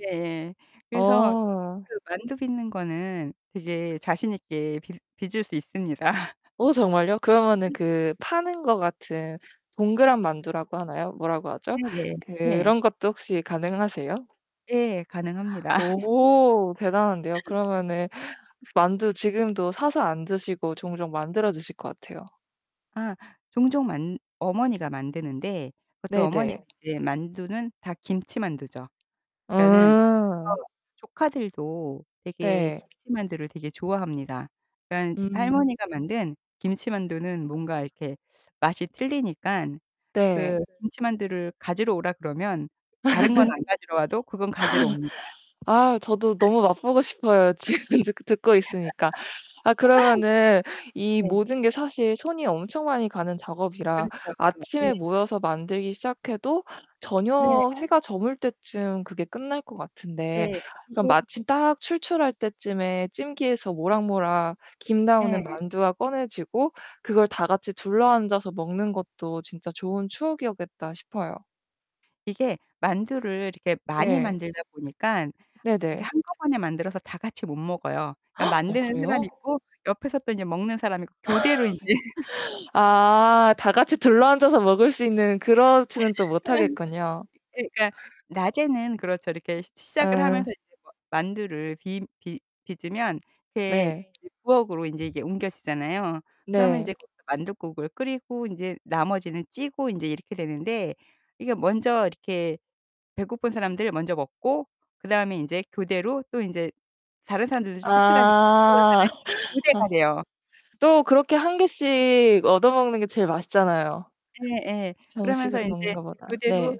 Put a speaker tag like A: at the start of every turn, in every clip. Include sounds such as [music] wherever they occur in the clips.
A: 예예. 그래서
B: 어.
A: 그 만두 빚는 거는 되게 자신 있게 빚 빚을 수 있습니다. [laughs]
B: 어 정말요? 그러면은 그 파는 것 같은 동그란 만두라고 하나요? 뭐라고 하죠?
A: 네네. 네.
B: 그런 것도 혹시 가능하세요?
A: 예, 가능합니다. [laughs]
B: 오. 대단한데요. 그러면은 만두 지금도 사서 안 드시고 종종 만들어 드실 것 같아요.
A: 아 종종 만 어머니가 만드는데 그것도 어머니
B: 네네.
A: 이제 만두는 다 김치만두죠. 저는
B: 음.
A: [unintelligible] 조카들도 되게
B: 네.
A: 김치만두를 되게 좋아합니다. 그러니깐
B: 음.
A: 할머니가 만든 김치만두는 뭔가 이렇게 맛이 틀리니깐
B: 네.
A: 그 김치만두를 가지러 오라 그러면 다른 건 안 가지러 와도 그건 가지러 옵니다.
B: [laughs] [laughs] 아, 저도 너무 맛보고 싶어요. 지금 드 듣고 있으니까. 아, 그러면은
A: [laughs]
B: 이
A: 네.
B: 모든 게 사실 손이 엄청 많이 가는 작업이라
A: 그렇죠. 예.
B: 아침에 모여서 만들기 시작해도
A: 네.
B: 저녁 해가 저물 때쯤 그게 끝날 것 같은데
A: 예.
B: 그럼
A: 그래서
B: 마침 딱 출출할 때쯤에 찜기에서 모락모락 김 나오는
A: 예.
B: 만두가 꺼내지고 그걸 다 같이 둘러앉아서 먹는 것도 진짜 좋은 추억이었겠다 싶어요.
A: 이게 만두를 이렇게 많이
B: 네.
A: 만들다 보니깐
B: 네
A: 이게
B: 네.
A: 한꺼번에 만들어서 다 같이 못 먹어요. 그러니까
B: [gasps] 어
A: 만드는 사람이
B: 그래요?
A: 있고 옆에서 또 인제 먹는 사람이 있고 교대로 인제 [laughs]
B: [laughs] 아, 다같이 둘러 앉아서 먹을 수 있는
A: 아.
B: 그렇지는 또 못하겠군요.
A: 이게 그러니까 낮에는 그렇죠. 이렇게 시 시작을 하면서
B: 어.
A: 이제 마 만두를 비 빚 빚으면 이렇게
B: 네.
A: 이제 부엌으로 인제 이게 옮겨지잖아요. 그러면
B: 네.
A: 인제 거기서 만둣국을 끓이고 인제 나머지는 찌고 인제 이렇게 되는데 이게 먼저 이렇게 배고픈 사람들 먼저 먹고 그다음에 인제 교대로 또 인제 다른 사람들도 출출하니까
B: 아.
A: [unintelligible]
B: [laughs] 아.
A: 교대가 돼요.
B: 또 그렇게 1 개씩 얻어 먹는 게 제일 맛있잖아요.
A: 예예. 그러면서
B: 정식으로 먹는
A: 인제
B: 거보다.
A: 교대로
B: 네.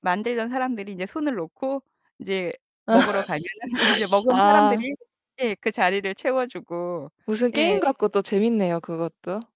A: 만들던 사람들이 이제 손을 놓고 인제 먹으러 가면은 인제
B: [laughs]
A: 먹은
B: 아.
A: 사람들이 예, 그 자리를 채워 주고.
B: 무슨 게임
A: 예.
B: 같고 또 재밌네요, 그것도.